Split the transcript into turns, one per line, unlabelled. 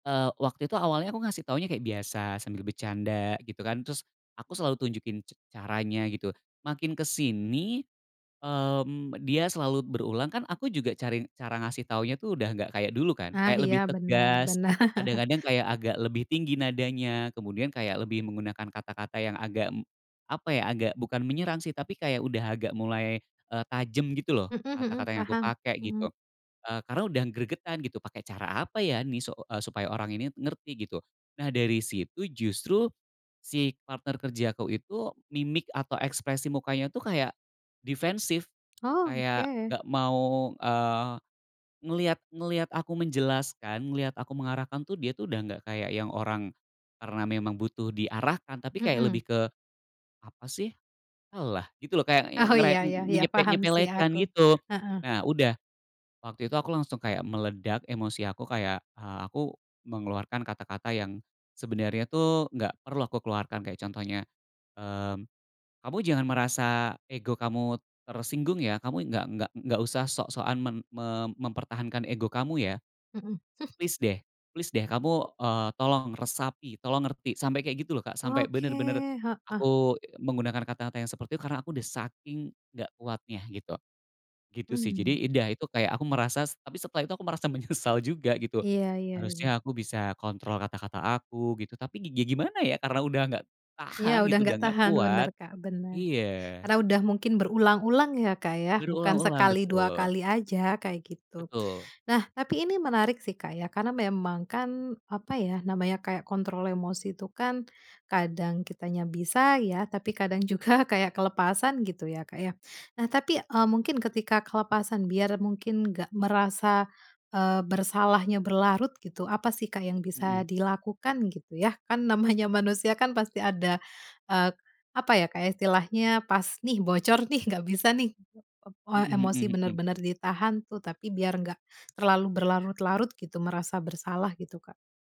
Eee, waktu itu awalnya aku ngasih taunya kayak biasa, sambil bercanda, gitu kan, terus aku selalu tunjukin c caranya, gitu. Makin kesini, mmm, dia selalu berulang kan, aku juga cari cara ngasih taunya tuh udah nggak kayak dulu kan,
Ah,
kayak
iya,
lebih
bener,
tegas,
bener.
kadang-kadang kayak agak lebih tinggi nadanya, kemudian kayak lebih menggunakan kata-kata yang agak, apa ya, agak bukan menyerang sih, tapi kayak udah agak mulai, eee, tajam, gitu loh,
Heeh heeh,
kata-kata yang aku
paham.
pakai, gitu.
Heeh.
Eee, karena udah gregetan, "Pakai cara apa ya nih, su supaya orang ini ngerti?", gitu. Nah, dari situ justru si partner kerjaku itu mimik atau ekspresi mukanya tuh kayak defensif,
Oh,
kayak
oke.
nggak mau, eee, ngelihat ngelihat aku menjelaskan, ngelihat aku mengarahkan tuh dia tuh udah nggak kayak yang orang karena memang butuh diarahkan, tapi kayak
Heeh.
lebih ke, "Apa sih, alah", gitu loh, kayak
Oh, iya
ngere
iya iya.
enyepek
Paham sih
nyepelekan,
aku,
gitu.
heeh.
Nah, udah waktu itu aku langsung kayak meledak emosi aku, kayak, eee, aku mengeluarkan kata-kata yang sebenarnya tuh nggak perlu aku keluarkan, kayak contohnya, mmm, "Kamu jangan merasa ego kamu tersinggung ya, kamu nggak nggak nggak usah sok-sokan mem mem mempertahankan ego kamu, ya.
Heeh. Hmm.
Plis deh, plis deh, kamu, eee, tolong resapi, tolong ngerti", sampai kayak gitu loh, Kak, sampai
Oke,
bener-bener
heeh.
aku menggunakan kata-kata yang seperti itu. Karena aku udah saking nggak kuatnya gitu, gitu sih,
Mhm.
Jadi udah, itu kayak aku merasa tapi setelah itu aku merasa menyesal juga, gitu,
Iya iya iya.
harusnya aku bisa kontrol kata-kata aku, gitu, tapi gi gimana ya, karena udah nggak
Iya,
tahan,
udah
gitu, udah
nggak
nggak
tahan bener,
kuat.
Kak, bener.
Iya.
Karena udah mungkin berulang-ulang, ya, Kak, ya, bukan
Berulang-ulang,
sekali, dua
betul.
kali aja, kayak gitu.
Betul.
Nah, tapi ini menarik sih, Kak, ya. Karena memang kan, apa ya, namanya kayak kontrol emosi tuh kan kadang kitanya bisa ya, tapi kadang juga kayak kelepasan, gitu ya, Kak, ya. Nah, tapi, eee, mungkin ketika kelepasan, biar mungkin nggak merasa, eee, bersalahnya berlarut gitu, apa sih, Kak, yang
Heeh.
bisa dilakukan, gitu, ya, kan namanya manusia kan pasti ada, eee, apa ya, istilahnya pas nih, bocor nih, nggak bisa nih, eee,
Heeh
emosi
heeh heeh.
bener-bener ditahan tuh, tapi biar nggak terlalu berlarut-larut gitu, merasa bersalah gitu, Kak.